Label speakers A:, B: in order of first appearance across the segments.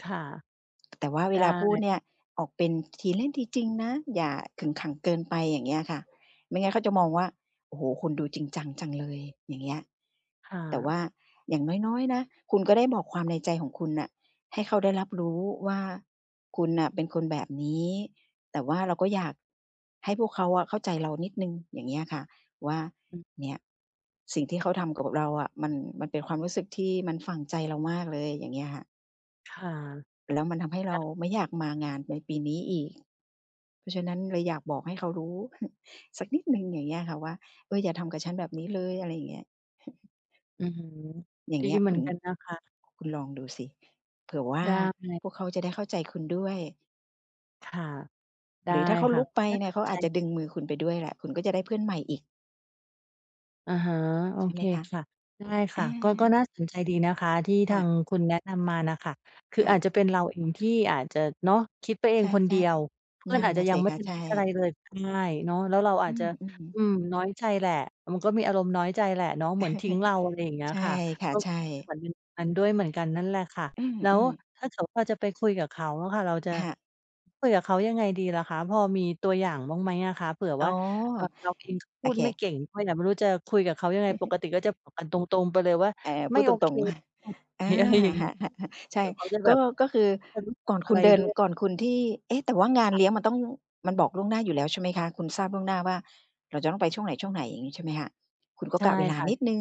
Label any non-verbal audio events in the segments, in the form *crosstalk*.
A: ค่ะ
B: แต่ว่าเ
A: ไ
B: ว
A: ด
B: ลาพูด
A: ้
B: เนี่ยออกเป็นทีเล่นทีจริงนะ อย่าขึงขังเกินไป อย่างเงี้ยค่ะ ไม่งั้นเขาจะมองว่า โอ้โฮ คุณดูจริงจังจังเลย อย่างเงี้ย
A: ค่
B: แต่ว
A: ะ
B: ่าอย่างน้อย ๆ นะ คุณก็ได้บอกความในใจของคุณน่ะให้เขาได้รับรู้ว่า คุณน่ะเป็นคนแบบนี้ แต่ว่าเราก็อยาก ให้พวกเขาอะ เข้าใจเรานิดหนึ่ง อย่างเงี้ยอะค่ะว่า
A: อือ
B: เนี่ยสิ่งที่เขาทำกับเราอะ มัน มันเป็นความรู้สึกที่มันฝังใจเรามากเลย อย่างเงี้ยค่ะ
A: ค่ะ
B: แล้วมันทำให้เ
A: ไ
B: ร
A: ด
B: า
A: ้
B: ไม่อยากมางานในปีนี้อีก เพราะฉะนั้นเลยอยากบอกให้เขารู้ *chuckles* สักนิดหนึ่งอย่างเงี้ยค่ะว่า เออ อย่าทำกับฉันแบบนี้เลย อะไรอย่างเงี้ย *laughs*
A: อือฮึ
B: อย่า
A: ด
B: ง
A: ี
B: เงี้ย
A: เหม
B: ค
A: ื
B: ุ
A: อน
B: ณ
A: กันนะคะ
B: คุณลองดูสิ เผื่อว่า
A: ได้
B: พวกเขาจะได้เข้าใจคุณด้วย
A: ค่ะ ได้
B: หรือถ้าเขา
A: ค่
B: ล
A: ะ
B: ุก
A: ก็
B: ไป
A: น่า
B: เนี่
A: ส
B: ย เข
A: น
B: า
A: ใจ
B: อาจจะดึงมือคุณไปด้วยแหละ คุณก็จะได้เพื่อนใหม่อีก
A: อะฮะ โอ
B: ใช่
A: เ
B: ไห
A: ค
B: มคะ?
A: ค่ะ ได้
B: อ
A: ค่ะ ก็ ก็
B: า
A: น่าสนใจดีนะคะที่
B: ค
A: ท
B: ่
A: าง
B: ะ
A: คุณแนะนำมาน่ะค่ะ คื
B: ค
A: อ
B: ่
A: อา
B: ะ
A: จจะเป็นเราเองที่อาจจะ เนาะ คิดไปเอ
B: ใช
A: งคนเดี
B: ่
A: ยว เพ
B: ๆ
A: ื
B: น
A: ่อ
B: ั
A: น
B: ่น
A: อาจ
B: น่
A: จะ
B: ะ
A: ย
B: ส
A: ั
B: ิ
A: งไม่
B: คะ
A: ทัน
B: ใช
A: คิดอะไร
B: ่
A: เลย ได้เนาะ แล้วเราอ
B: อ
A: าจ
B: ื
A: จะ
B: อ
A: อ
B: ๆ
A: ืม น้อยใจแหละ มันก็มีอารมณ์น้อยใจแหละเนาะเหมือนทิ้งเรา อะไรอย่างเงี้
B: *laughs*
A: ย
B: ใช่
A: ค่ะ
B: ค่ะ
A: ก็
B: ใช่
A: เหมือนเป็น *unintelligible* กันนั่นแหละค่ะ
B: อื
A: แล้ว
B: ม ๆ
A: ถ้าเกิดว่าเราจะไปคุยกับเขาอะค่ะ เราจะ
B: ค่ะ
A: คุยกับเขายังไงดีล่ะคะ? พอมีตัวอย่างบ้างไหมอะคะ? เผื่อ
B: อ๋อ
A: ว่า เออ เราเองก็
B: โ
A: พ
B: อ
A: ูด
B: เค
A: ไม่เก่งด้วยอะ ไม่รู้จะคุยกับเขายังไง ป
B: *laughs*
A: กติก็จะบอกกันตรง ๆ ไปเลยว่า
B: อา พ
A: ไม
B: ู
A: ่
B: ดต
A: โอ
B: ร
A: เค
B: ง ๆ *chuckles* อา
A: *unintelligible* อะไรอย่างงี้
B: *laughs* ใช
A: เ
B: ่
A: ดี๋ยวเขาจะ
B: ก
A: แบ
B: ็
A: บ
B: ก็คือ
A: *unintelligible*
B: ก่อน
A: อ
B: ค
A: ะ
B: ุ
A: ไ
B: ณ
A: ร
B: เดิ
A: ด
B: น
A: ้วย
B: ก่อนคุณที่ เอ๊ะ! แต่ว่างาน
A: ค่ะ
B: เลี้ยงมันต้อง มันบอกล่วงหน้าอยู่แล้วใช่ไหมคะ? คุณทราบล่วงหน้าว่าเราจะต้องไปช่วงไหน ๆ อย่างงี้ใช่ไหมคะ? คุณก็
A: ใช่
B: กะเวลา
A: ค่
B: นิดห
A: ะ
B: นึ่ง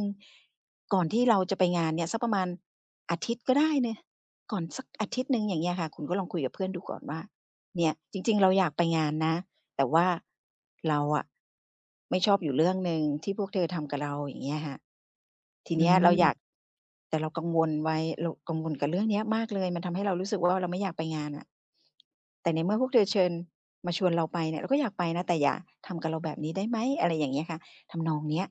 B: ก่อนที่เราจะไปงานเนี่ยสักประมาณอาทิตย์ก็ได้เนาะ ก่อนสักอาทิตย์หนึ่ง อย่างเงี้ยค่ะ คุณก็ลองคุยกับเพื่อนดูก่อนว่า "เนี่ย จริง ๆ เราอยากไปงานนะ แต่ว่าเราอะไม่ชอบอยู่เรื่องหนึ่งที่พวกเธอทำกับเรา" อย่างเงี้ยค่ะ "ที
A: อื
B: เนี้ยเราอยาก
A: ม
B: แต่เรากังวลไว้ เรากังวลกับเรื่องเนี้ยมากเลย มันทำให้เรารู้สึกว่า เราไม่อยากไปงานน่ะ แต่ในเมื่อพวกเธอเชิญ มาชวนเราไปเนี่ย เราก็อยากไปนะ แต่อย่าทำกับเราแบบนี้ได้ไหม?" อะไรอย่างเงี้ยค่ะ ทำนองเนี้ย